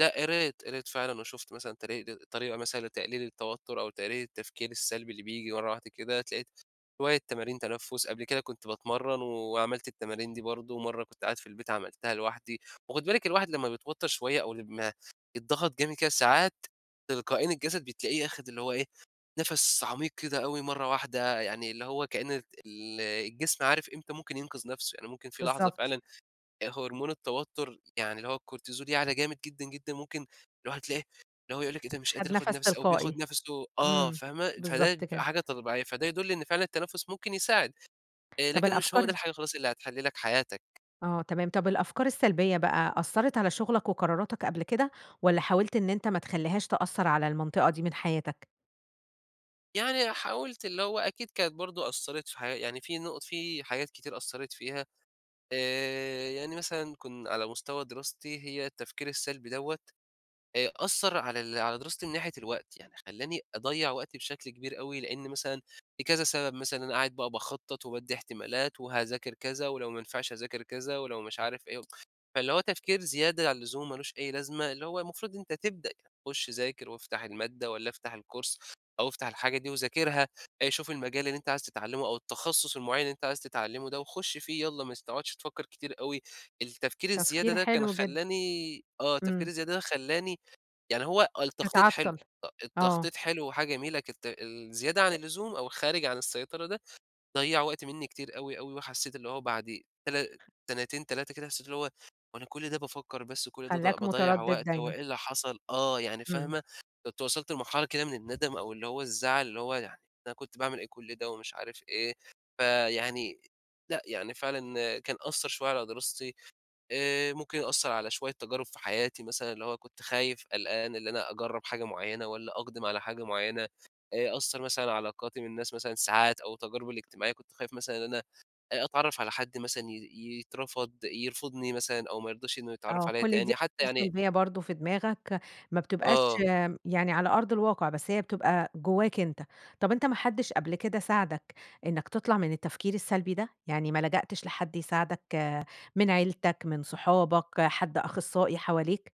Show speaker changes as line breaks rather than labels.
لأ. قريت، قريت فعلًا .وشُفت مثلًا تري د طريقة مثلًا لتقليل التوتر، أو تقليل التفكير السلبي اللي بييجي مرة واحدة كده. اتلاقيت شوية تمارين تنفُس، قبل كده كنت باتمرّن، وعملت التمارين دي برضه، مرّة كنت قاعد في البيت عملتها لوحدي. وخُدي بالِك، الواحد لمّا بيتوتر شوية، أو لمّا يتضغط جامد كده، ساعات، تلقائيًا الجسد بتلاقيه آخد اللي هو إيه، نَفَس عميق كده أوي مرة واحدة. يعني اللي هو كأن رت ال الجسم عارف إمتى ممكن ينقذ نفسه، يعني ممكن في لحظة
بالضبط.
فعلًا، آآ هرمون التوتر يعني اللي هو الكورتيزول يعلى جامد جدًا جدًا. ممكن الواحد تلاقيه اللي هو يقول لِك إيه ده مش
خَد
قادر آخد
نفس
نَفَسي، أو
تلقائي،
بياخد نَفَسه آه
إمم،
فاهمة، فده
بالضبط
بتبقي
كده.
حاجة طبيعية. فده يدل إن فعلًا التنفُس ممكن يساعد. آآ،
طب
لكن مش هو ده
الأفكار
الحاجة خلاص اللي هتحل لك حياتك.
آه تمام، طب الأفكار السلبية بقى أثّرت على شغلك وقراراتك قبل كده، والّا حاولت إن أنت ما تخليهاش تأثر على المنطقة دي من حياتك؟
يعني حاولت، اللي هو أكيد كانت برضه أثرت في حيا يعني في نُقط في حاجات كتير أثرت فيها، آآ، يعني مثلًا كُن على مستوى دراستي، هي التفكير السلبي دَوَّة، آآ أثّر على ال على دراستي من ناحية الوقت. يعني خلّاني أضَّيع وقتي بشكل كبير أوي، لأن مثلًا في كذا سبب، مثلًا أنا قاعد بقى باخطط، وبادي احتمالات، وهاذاكر كذا، ولو ما نفعش أذاكر كذا، ولو مش عارف إيه، فاللي هو تفكير زيادة عن اللزوم، مالوش أي لازمة، اللي هو المفروض أنت تبدأ ك خُش ذاكر وافتح المادة والّا افتح الكورس أو افتح الحاجة دي وذاكرها، آآ شوف المجال اللي أنت عايز تتعلمه، أو التخصص المُعيّن اللي أنت عايز تتعلمه ده، وخُش فيه يالّا، ما س تقعدش تفكر كتير أوي. التفكير الزيادة
تفكير
ده كان
حلو جدًا.
خلّاني آه، التفكير
إمم.
الزيادة ده خلّاني يعني هو آه التخطيط حلو،
تتعطل.
ط
آه.
التخطيط حلو. وحاجة جميلة كت الزيادة عن
[unintelligible]
اللزوم، أو الخارج عن السيطرة ده، ضيّع وقت منّي كتير أوي أوي وحسّيت اللي هو بعد تلا سنتين، 3 كده حسيت اللي هو، هو أنا كل ده بافكر بس وكل ده ض
خلّاك
باضَّيع
مُتردد
وقت؟ هو
دايمًا.
إيه اللي حصل؟ آه، يعني
إمم.
فاهمة؟ كنت وصلت لمرحلة كده من الندم أو اللي هو الزعل اللي هو يعني أنا كنت باعمل إيه كل ده، ومش عارف إيه. فيعني لأ، يعني فعلًا كان أثّر شوية على دراستي، آآ ممكن يأثر على شوية تجارب في حياتي مثلًا اللي هو كنت خايف، قلقان، اللي أنا أجرّب حاجة مُعيّنة والّا أُقدم على حاجة مُعيّنة. آآ أثّر مثلًا علاقاتي من الناس مثلًا ساعات أو تجاربي الإجتماعية كنت خايف مثلًا إن أنا آآ أتعرف على حد مثلًا ي ي يترفض يرفضني مثلًا أو ما يرضاش إنه يتعرف
آه،
عليَّ
كل دي
تاني حتى
أفكار
يعني
سلبية برضه في دماغك، ما بتبقاش
آه.
يعني على أرض الواقع، بس هي بتبقى جواك أنت. طب أنت ما حدش قبل كده ساعدك إنك تطلع من التفكير السلبي ده؟ يعني ما لجأتش لحد يساعدك، من عيلتك، من صحابك، حد أخصائي حواليك؟